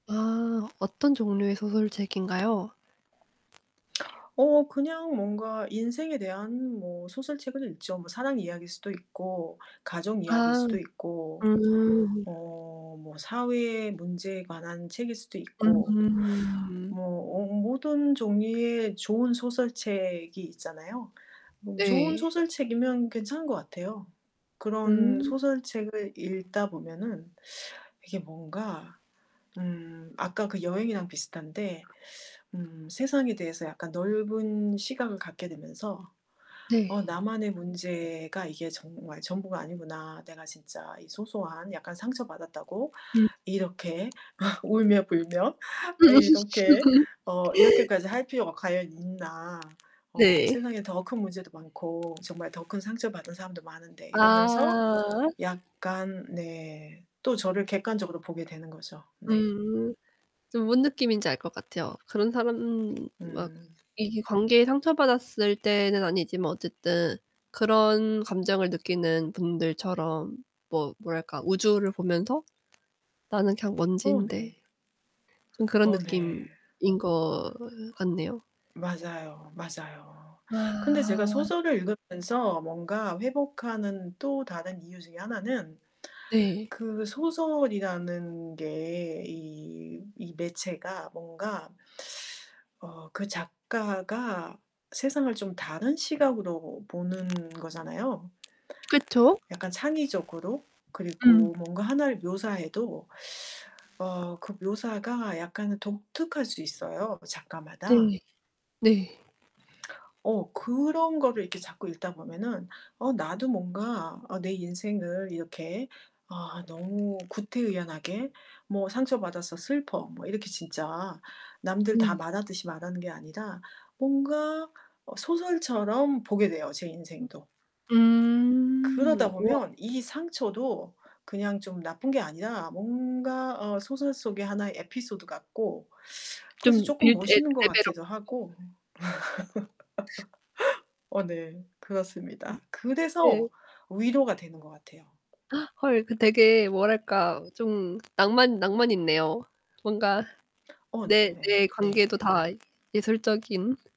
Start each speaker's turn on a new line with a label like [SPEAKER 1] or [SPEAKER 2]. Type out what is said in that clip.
[SPEAKER 1] 아. 어떤 종류의 소설책인가요?
[SPEAKER 2] 어 그냥 뭔가 인생에 대한 뭐 소설책을 읽죠. 뭐 사랑 이야기일 수도 있고 가족 이야기일
[SPEAKER 1] 아
[SPEAKER 2] 수도 있고
[SPEAKER 1] 음.
[SPEAKER 2] 어 뭐 사회의 문제에 관한 책일 수도 있고
[SPEAKER 1] 음.
[SPEAKER 2] 뭐 어 모든 종류의 좋은 소설책이 있잖아요. 뭐 좋은
[SPEAKER 1] 네.
[SPEAKER 2] 소설책이면 괜찮은 것 같아요. 그런
[SPEAKER 1] 음.
[SPEAKER 2] 소설책을 읽다 보면은 이게 뭔가 음 아까 그 여행이랑 비슷한데 음 세상에 대해서 약간 넓은 시각을 갖게 되면서
[SPEAKER 1] 네.
[SPEAKER 2] '어 나만의 문제가 이게 정말 전부가 아니구나. 내가 진짜 이 소소한 약간 상처받았다고
[SPEAKER 1] 음.
[SPEAKER 2] 이렇게 울며불며
[SPEAKER 1] 또
[SPEAKER 2] 아
[SPEAKER 1] 6 시
[SPEAKER 2] 이렇게
[SPEAKER 1] 출근.
[SPEAKER 2] 어 이렇게까지 할 필요가 과연 있나? 어
[SPEAKER 1] 네.
[SPEAKER 2] 세상에 더 큰 문제도 많고 정말 더 큰 상처받은 사람도 많은데.' 이러면서
[SPEAKER 1] 아.
[SPEAKER 2] 약간 네 또 저를 객관적으로 보게 되는 거죠. 네.
[SPEAKER 1] 음. 저 뭔 느낌인지 알 것 같아요. 그런 사람 막
[SPEAKER 2] 음.
[SPEAKER 1] 이게 관계에 상처받았을 때는 아니지만 어쨌든 그런 감정을 느끼는 분들처럼 뭐 뭐랄까 우주를 보면서 '나는 그냥
[SPEAKER 2] 어
[SPEAKER 1] 먼지인데.'
[SPEAKER 2] 네.
[SPEAKER 1] 좀 그런
[SPEAKER 2] 어 네.
[SPEAKER 1] 느낌인 것 으 같네요.
[SPEAKER 2] 맞아요, 맞아요. 근데 제가
[SPEAKER 1] 아.
[SPEAKER 2] 소설을 읽으면서 뭔가 회복하는 또 다른 이유 중에 하나는
[SPEAKER 1] 네.
[SPEAKER 2] 그 소설이라는 게 이 이 매체가 뭔가 어 그 작가가 세상을 좀 다른 시각으로 보는 거잖아요.
[SPEAKER 1] 그쵸.
[SPEAKER 2] 약간 창의적으로
[SPEAKER 1] 음.
[SPEAKER 2] 그리고 뭔가 하나를 묘사해도 어 그 묘사가 약간은 독특할 수 있어요 그 작가마다.
[SPEAKER 1] 네. 네.
[SPEAKER 2] 어 그런 거를 이렇게 자꾸 읽다 보면은 어 나도 뭔가 아 내 인생을 이렇게 아 너무 구태의연하게 뭐 "상처받아서 슬퍼." 뭐 이렇게 진짜 남들 다
[SPEAKER 1] 네.
[SPEAKER 2] 말하듯이 말하는 게 아니라 뭔가 어 소설처럼 보게 돼요 제
[SPEAKER 1] 음.
[SPEAKER 2] 인생도.
[SPEAKER 1] 음.
[SPEAKER 2] 그러다
[SPEAKER 1] 우와.
[SPEAKER 2] 보면 이 상처도 그냥 좀 나쁜 게 아니라 뭔가 어 소설 속의 하나의 에피소드 같고 그래서
[SPEAKER 1] 좀
[SPEAKER 2] 쪼끔
[SPEAKER 1] 비련의
[SPEAKER 2] 멋있는 것
[SPEAKER 1] 여주인공
[SPEAKER 2] 같기도
[SPEAKER 1] 같고
[SPEAKER 2] 하고. 어
[SPEAKER 1] [unintelligible]
[SPEAKER 2] 네.
[SPEAKER 1] 음.
[SPEAKER 2] 그렇습니다.
[SPEAKER 1] 네.
[SPEAKER 2] 그래서 위로가 되는 것 같아요.
[SPEAKER 1] 헐 그 되게 뭐랄까? 좀 낭만 낭만 있네요. 뭔가
[SPEAKER 2] 어
[SPEAKER 1] 내
[SPEAKER 2] 네.
[SPEAKER 1] 내
[SPEAKER 2] 네.
[SPEAKER 1] 관계도 다 예술적인